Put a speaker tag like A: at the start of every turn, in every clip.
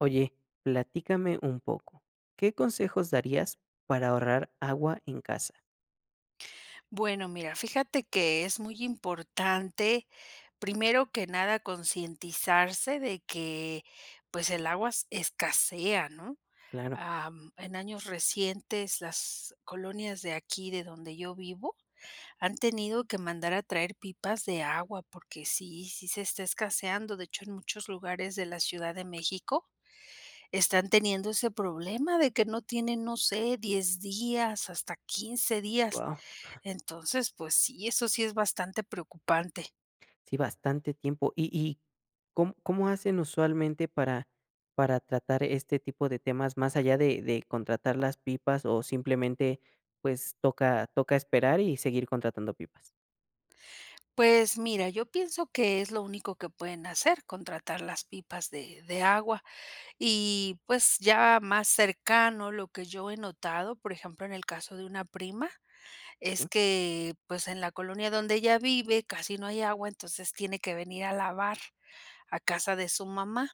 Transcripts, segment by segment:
A: Oye, platícame un poco, ¿qué consejos darías para ahorrar agua en casa?
B: Bueno, mira, fíjate que es muy importante primero que nada concientizarse de que pues el agua s escasea, ¿no?
A: Claro.
B: Ah, en años recientes las colonias de aquí de donde yo vivo ,han tenido que mandar a traer pipas de agua porque sí, sí se está escaseando, de hecho en muchos lugares de la Ciudad de México están teniendo ese problema de que no tienen, no sé, 10 días hasta 15 días,
A: Guau.
B: entonces pues sí eso sí es bastante preocupante.
A: Sí, bastante tiempo. ¿Y y com cómo hacen usualmente para para tratar este tipo de temas más allá de de contratar las pipas o simplemente, pues, toca toca esperar y seguir contratando pipas?
B: Pues mira yo pienso que es lo único que pueden hacer contratar las pipas de de agua y pues ya más cercano lo que yo he notado por ejemplo en el caso de una prima es
A: Mm.
B: que, pues en la colonia donde ella vive casi no hay agua entonces tiene que venir a lavar a casa de su mamá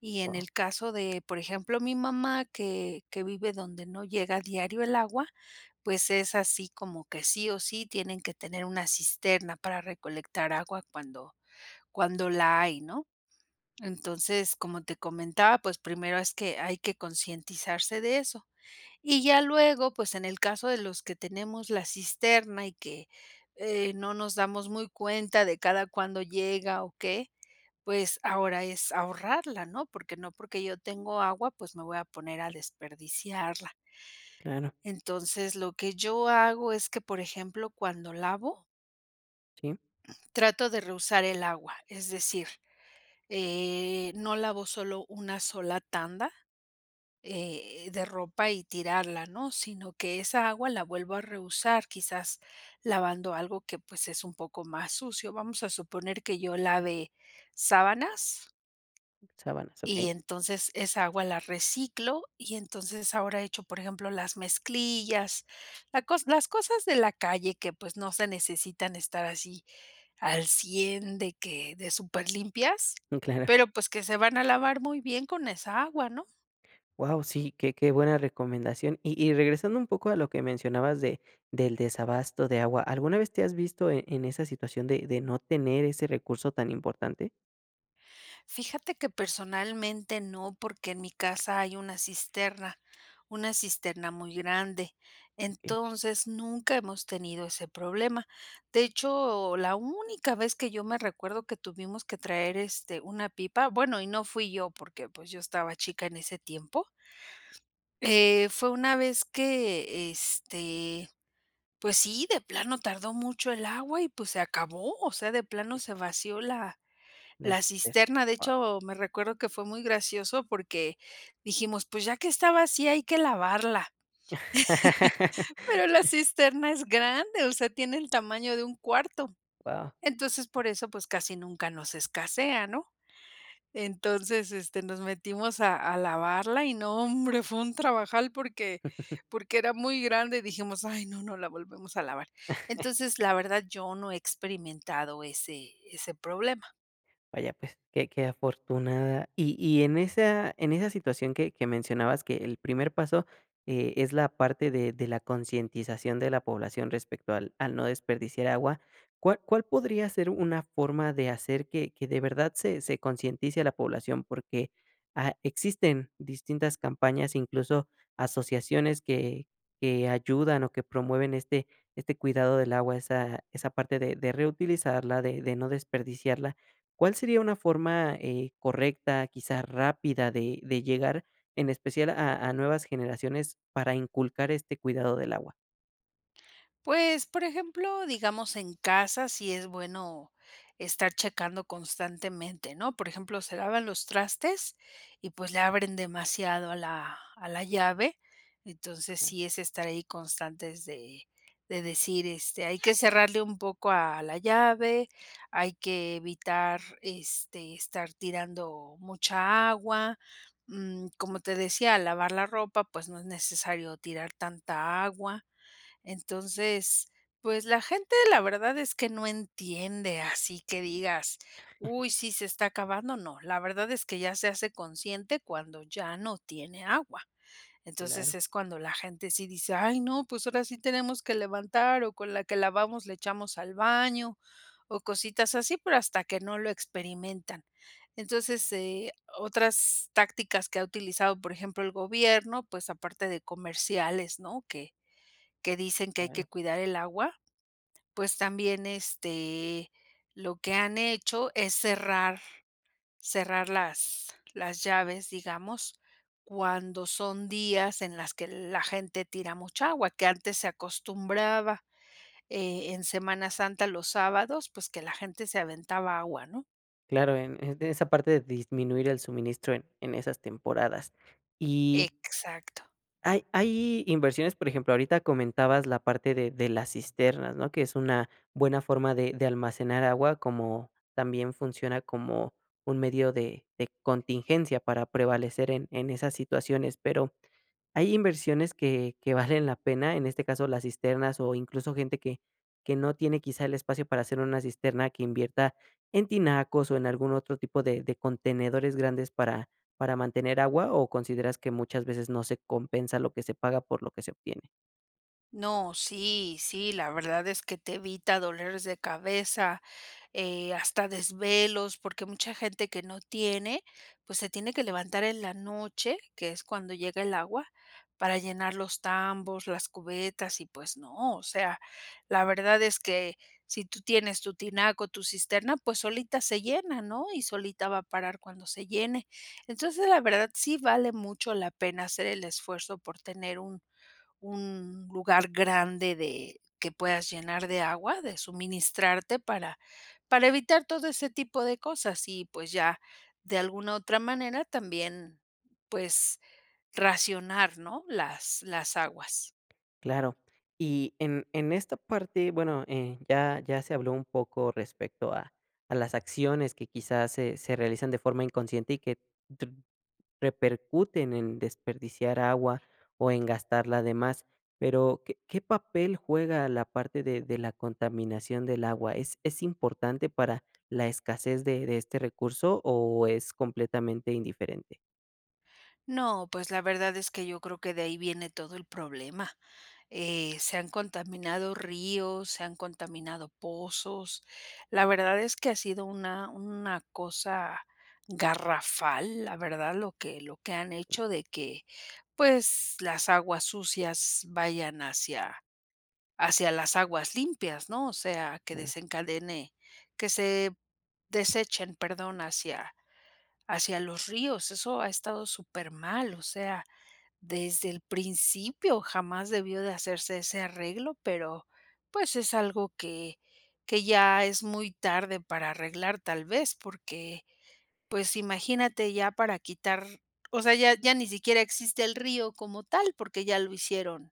B: y en
A: Wao.
B: el caso de por ejemplo mi mamá que que vive donde no llega diario el agua pues es así como que sí o sí tienen que tener una cisterna para recolectar agua cuando cuando la hay, ¿no? Entonces como te comentaba pues primero es que hay que concientizarse de eso, y ya luego pues en el caso de los que tenemos la cisterna y que, eh, no nos damos muy cuenta de cada cuándo llega o qué pues ahora es ahorrarla, ¿no? Porque no porque yo tengo agua pues me voy a poner a desperdiciarla.
A: Claro.
B: Entonces lo que yo hago es que por ejemplo cuando lavo
A: Sí.
B: trato de reusar el agua, es decir, eh, no lavo solo 1 sola tanda, eh, de ropa y tirarla, ¿no? Sino que esa agua la vuelvo a reusar quizás lavando algo que pues es un poco más sucio. Vamos a suponer que yo lave sábanas
A: Sabanas,
B: y
A: okey.
B: entonces esa agua la reciclo y entonces ahora echo por ejemplo las mezclillas, la cos las cosas de la calle que pues no se necesitan estar así al 100 de que, de súper limpias
A: Mm, claro.
B: pero pues que se van a lavar muy bien con esa agua, ¿no?
A: Wao, sí, que que buena recomendación y y regresando un poco a lo que mencionabas de del desabasto de agua, ¿alguna vez te has visto en en esa situación de de no tener ese recurso tan importante?
B: Fíjate que personalmente no, porque en mi casa hay una cisterna, una cisterna muy grande.
A: Si.
B: Entonces, nunca hemos tenido ese problema. De hecho la única vez que yo me recuerdo que tuvimos que traer este una pipa bueno, y no fui yo, porque, pues, yo estaba chica en ese tiempo. Eh, fue una vez que, este, pues sí, de plano tardó mucho el agua, y pues se acabó. O sea, de plano se vació la
A: La,
B: la
A: [unintelligible]
B: cisterna. De
A: guau.
B: hecho, me recuerdo que fue muy gracioso, porque dijimos: "Pues ya que está vacía, hay que lavarla". Pero la cisterna es grande, o sea, tiene el tamaño de un cuarto.
A: Guau.
B: Entonces, por eso, pues, casi nunca nos escasea, ¿no? Entonces, este, nos metimos a a lavarla, y no, hombre, fue un trabajal, porque porque era muy grande, y dijimos: "Ay, no, no la volvemos a lavar". Entonces, la verdad, yo no he experimentado ese ese problema.
A: Vaya, pues, qué qué afortunada. Y y en esa en esa situación que que mencionabas que el primer paso, eh, es la parte de de la concientización de la población respecto al al no desperdiciar agua, ¿cuál cuál podría ser una forma de hacer que que de verdad se se concientice a la población? Porque, ah, existen distintas campañas, incluso, asociaciones que que ayudan, o que promueven este este cuidado del agua, esa esa parte de de reutilizarla, de de no desperdiciarla, ¿cuál sería una forma, eh, correcta, quizá, rápida de de llegar, en especial a a nuevas generaciones para inculcar este cuidado del agua?
B: Pues, por ejemplo digamos en casa si es bueno estar checando constantemente, ¿no? Por ejemplo se lavan los trastes, y pues, le abren demasiado a la a la llave, entonces sí es estar ahí constantes de de decir este hay que cerrarle un poco a la llave hay que evitar, este, estar tirando mucha agua, mm, como te decía lavar la ropa, pues, no es necesario tirar tanta agua. Entonces pues la gente la verdad es que no entiende así que digas: "Uy sí se está acabando", ¿no? La verdad es que ya se hace consciente cuando ya no tiene agua. Entonces,
A: Claro.
B: es cuando la gente sí dice: "Ay no, pues, ahora sí tenemos que levantar, o con la que lavamos le echamos al baño", o cositas así, pero hasta que no lo experimentan. Entonces, eh, otras tácticas que ha utilizado por ejemplo el gobierno, pues, aparte de comerciales, ¿no? Que que dicen que hay que
A: Claro.
B: cuidar el agua, pues, también, este lo que han hecho es cerrar, cerrar las las llaves digamos cuando son días en las que la gente tira mucha agua, que antes se acostumbraba, eh, en Semana Santa los sábados, pues, que la gente se aventaba agua, ¿no?
A: Claro, en en esa parte de disminuir el suministro en en esas temporadas, y
B: Exacto.
A: hay hay inversiones, por ejemplo, ahorita comentabas la parte de de las cisternas, ¿no? Que es una buena forma de de almacenar agua, como también funciona como un medio de de contingencia para prevalecer en en esas situaciones, pero hay inversiones que que valen la pena, en este caso las cisternas, o incluso, gente que que no tiene, quizá, el espacio para hacer una cisterna que invierta en tinacos, o en algún otro tipo de de contenedores grandes para para mantener agua, o ¿consideras que muchas veces no se compensa lo que se paga por lo que se obtiene?
B: No, sí, sí, la verdad es que te evita dolores de cabeza, eh, hasta desvelos, porque mucha gente que no tiene, pues, se tiene que levantar en la noche, que es cuando llega el agua, para llenar los tambos, las cubetas. Y pues no, o sea, la verdad es que si tú tienes tu tinaco, tu cisterna pues, solita se llena, ¿no?, y solita va a parar cuando se llene. Entonces la verdad sí vale mucho la pena hacer el esfuerzo por tener un un lugar grande de que puedas llenar de agua, de suministrarte para para evitar todo ese tipo de cosas. Y pues, ya de alguna otra manera también pues racionar, ¿no?, las las aguas.
A: Claro, y en en esta parte bueno, eh, ya ya se habló un poco respecto a a las acciones que, quizás, se se realizan de forma inconsciente, y que tu repercuten en desperdiciar agua o en gastarla de más, pero, ¿qué qué papel juega la parte de de la contaminación del agua? ¿Es es importante para la escasez de de este recurso, o es completamente indiferente?
B: No, pues la verdad es que yo creo que de ahí viene todo el problema, eh, se han contaminado ríos, se han contaminado pozos. La verdad es que ha sido una una cosa garrafal, la verdad, lo que lo que han hecho, de que pues las aguas sucias vayan hacia hacia las aguas limpias, ¿no? O sea que
A: [unintelligible]
B: desencadene que se desechen, perdón, hacia hacia los ríos, eso ha estado súper mal o sea, desde el principio jamás debió de hacerse ese arreglo pero pues es algo que que ya es muy tarde para arreglar tal vez porque pues imagínate ya para quitar O sea ya ya ni siquiera existe el río como tal porque ya lo hicieron,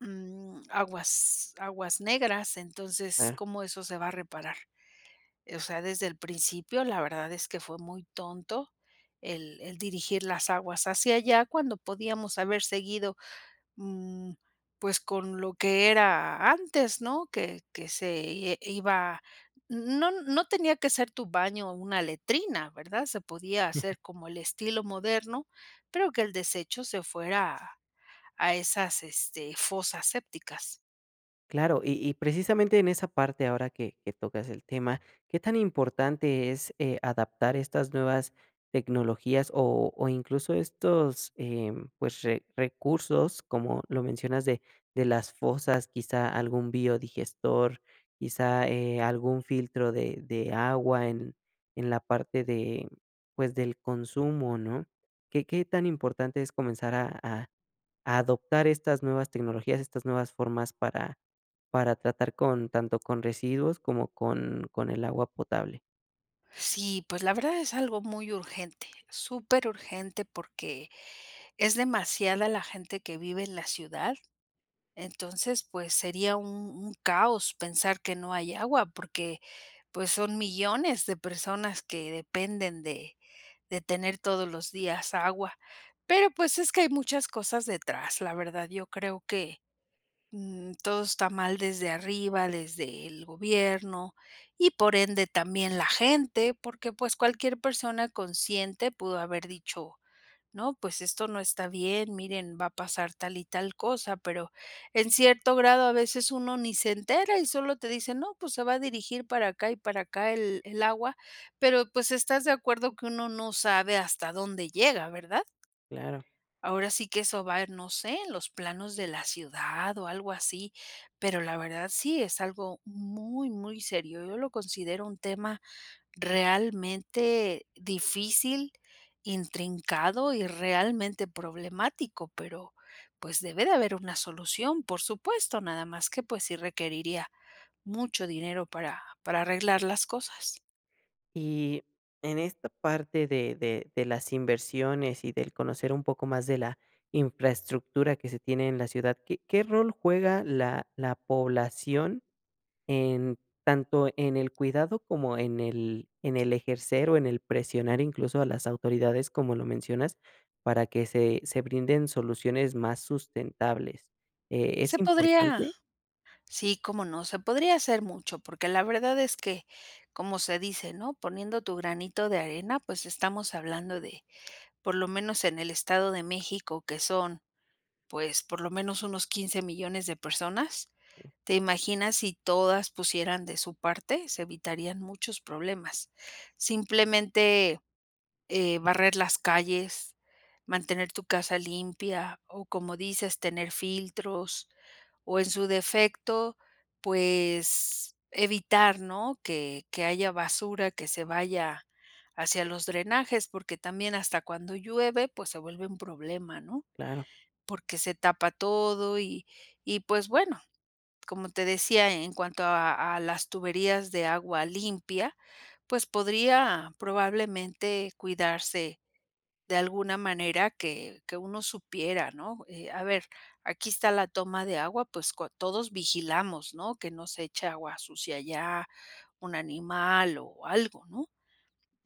B: mm, aguas aguas negras entonces,
A: Claro.
B: ¿cómo eso se va a reparar? Eh,o sea, desde el principio la verdad es que fue muy tonto el el dirigir las aguas hacia allá cuando podíamos haber seguido, mm, pues con lo que era antes, ¿no? Que que se, eh, iba No no tenía que ser tu baño una letrina, ¿verdad? Se podía hacer como el estilo moderno pero que el desecho se fuera a esas, este, fosas sépticas.
A: Claro, y y precisamente en esa parte ahora que que tocas el tema, ¿qué tan importante es, eh, adaptar estas nuevas tecnologías o o incluso estos, eh, pues, re recursos, como lo mencionas, de de las fosas, quizá algún biodigestor, quizá, eh, algún filtro de de agua en en la parte de, pues, del consumo?, ¿no? ¿Qué qué tan importante es comenzar a a adoptar estas nuevas tecnologías, estas nuevas formas para para tratar con tanto con residuos como con con el agua potable.
B: Sí, pues la verdad es algo muy urgente, superurgente, porque es demasiada la gente que vive en la ciudad, entonces, pues sería un un caos pensar que no hay agua, porque, pues, son millones de personas que dependen de de tener todos los días agua. Pero, pues, es que hay muchas cosas detrás, la verdad, yo creo que, mm, todo está mal desde arriba, desde el gobierno y por ende, también la gente, porque, pues, cualquier persona consciente pudo haber dicho: "No, pues esto no está bien, miren va a pasar tal y tal cosa". Pero en cierto grado a veces uno ni se entera y solo te dicen: "No, pues se va a dirigir para acá y para acá el el agua", pero pues, estás de acuerdo que uno no sabe hasta dónde llega, ¿verdad?
A: Claro.
B: Ahora sí que eso va en no sé en los planos de la ciudad o algo así, pero la verdad, sí es algo muy, muy serio. Yo lo considero un tema realmente difícil, intrincado y realmente problemático, pero pues debe de haber una solución. Por supuesto, nada más que, pues, sí requeriría mucho dinero para para arreglar las cosas.
A: Y en esta parte de de de las inversiones y del conocer un poco más de la infraestructura que se tiene en la ciudad, ¿qué qué rol juega la la población en tanto en el cuidado como en el en el ejercer o en el presionar incluso a las autoridades, como lo mencionas, para que se se brinden soluciones más sustentables, eh, es
B: Se podría
A: importante?
B: Sí, cómo no. Se podría hacer mucho, porque la verdad es que como se dice, ¿no?: "Poniendo tu granito de arena", pues estamos hablando de por lo menos en el Estado de México, que son pues por lo menos unos 15 millones de personas. ¿Te imaginas si todas pusieran de su parte? Se evitarían muchos problemas. Simplemente, eh, barrer las calles, mantener tu casa limpia o, como dices, tener filtros, o en su defecto, pues evitar, ¿no?, que que haya basura que se vaya hacia los drenajes, porque también hasta cuando llueve, pues se vuelve un problema, ¿no?
A: Claro.
B: Porque se tapa todo y y pues bueno, como te decía, en cuanto a a las tuberías de agua limpia, pues podría probablemente cuidarse de alguna manera que que uno supiera, ¿no?, eh, a ver, aquí está la toma de agua, pues cua todos vigilamos, ¿no? Que no se eche agua sucia allá un animal o algo, ¿no?,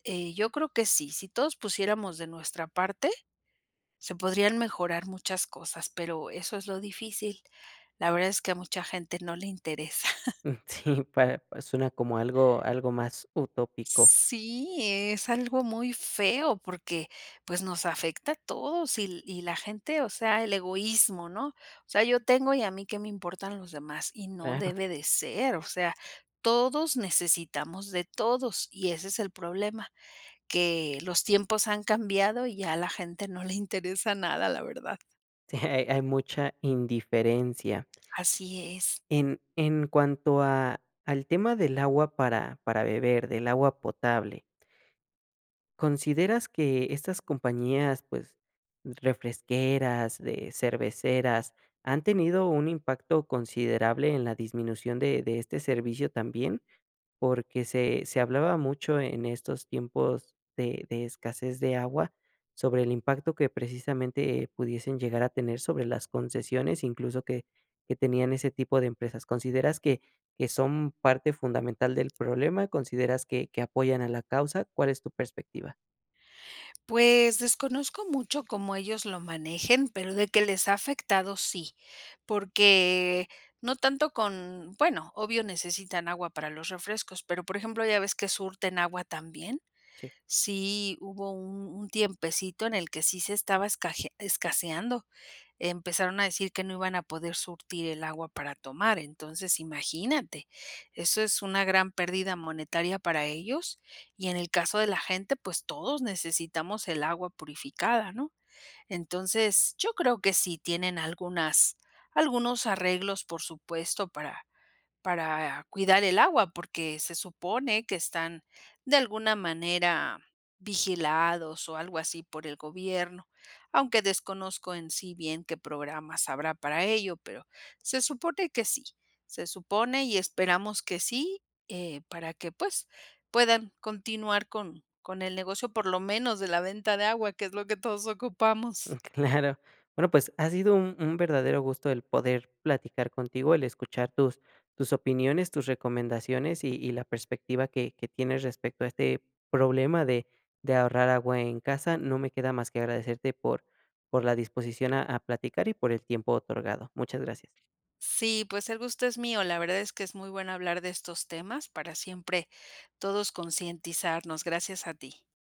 B: eh, yo creo que sí, si todos pusiéramos de nuestra parte, se podrían mejorar muchas cosas, pero eso es lo difícil. La verdad es que a mucha gente no le interesa.
A: Mm, sí, para suena como algo algo más utópico.
B: Sí, es algo muy feo porque, pues, nos afecta a todos y l y la gente, o sea, el egoísmo, ¿no? O sea, yo tengo, y a mí que me importan los demás, y no
A: Claro.
B: debe de ser, o sea, todos necesitamos de todos y ese es el problema, que los tiempos han cambiado y a la gente no le interesa nada, la verdad.
A: Sí, hay hay mucha indiferencia.
B: Así es.
A: En en cuanto a, al tema del agua para para beber, del agua potable. ¿Consideras que estas compañías, pues refresqueras, de cerveceras, han tenido un impacto considerable en la disminución de de este servicio también? Porque se se hablaba mucho en estos tiempos de de escasez de agua, sobre el impacto que precisamente pudiesen llegar a tener sobre las concesiones, incluso que que tenían ese tipo de empresas. ¿Consideras que que son parte fundamental del problema? ¿Consideras que que apoyan a la causa? ¿Cuál es tu perspectiva?
B: Pues, desconozco mucho cómo ellos lo manejen, pero de que les ha afectado, sí, porque no tanto con bueno, obvio necesitan agua para los refrescos, pero, por ejemplo, ya ves que surten agua también,
A: Sí.
B: sí hubo un un tiempecito en el que sí se estaba esca escaseando, empezaron a decir que no iban a poder surtir el agua para tomar. Entonces, imagínate, eso es una gran pérdida monetaria para ellos, y en el caso de la gente, pues, todos necesitamos el agua purificada, ¿no? Entonces, yo creo que sí tienen algunas algunos arreglos, por supuesto, para para cuidar el agua, porque se supone que están de alguna manera vigilados o algo así por el gobierno, aunque desconozco en sí bien qué programas habrá para ello, pero se supone que sí, se supone y esperamos que sí, eh, para que, pues, puedan continuar con con el negocio, por lo menos de la venta de agua, que es lo que todos
A: Mm,
B: ocupamos.
A: claro, bueno, pues ha sido un un verdadero gusto el poder platicar contigo, el escuchar tus tus opiniones, tus recomendaciones y y la perspectiva que que tienes respecto a este problema de de ahorrar agua en casa, no me queda más que agradecerte por por la disposición a a platicar y por el tiempo otorgado, muchas gracias.
B: Sí, pues el gusto es mío, la verdad es que es muy bueno hablar de estos temas para siempre todos concientizarnos, gracias a ti.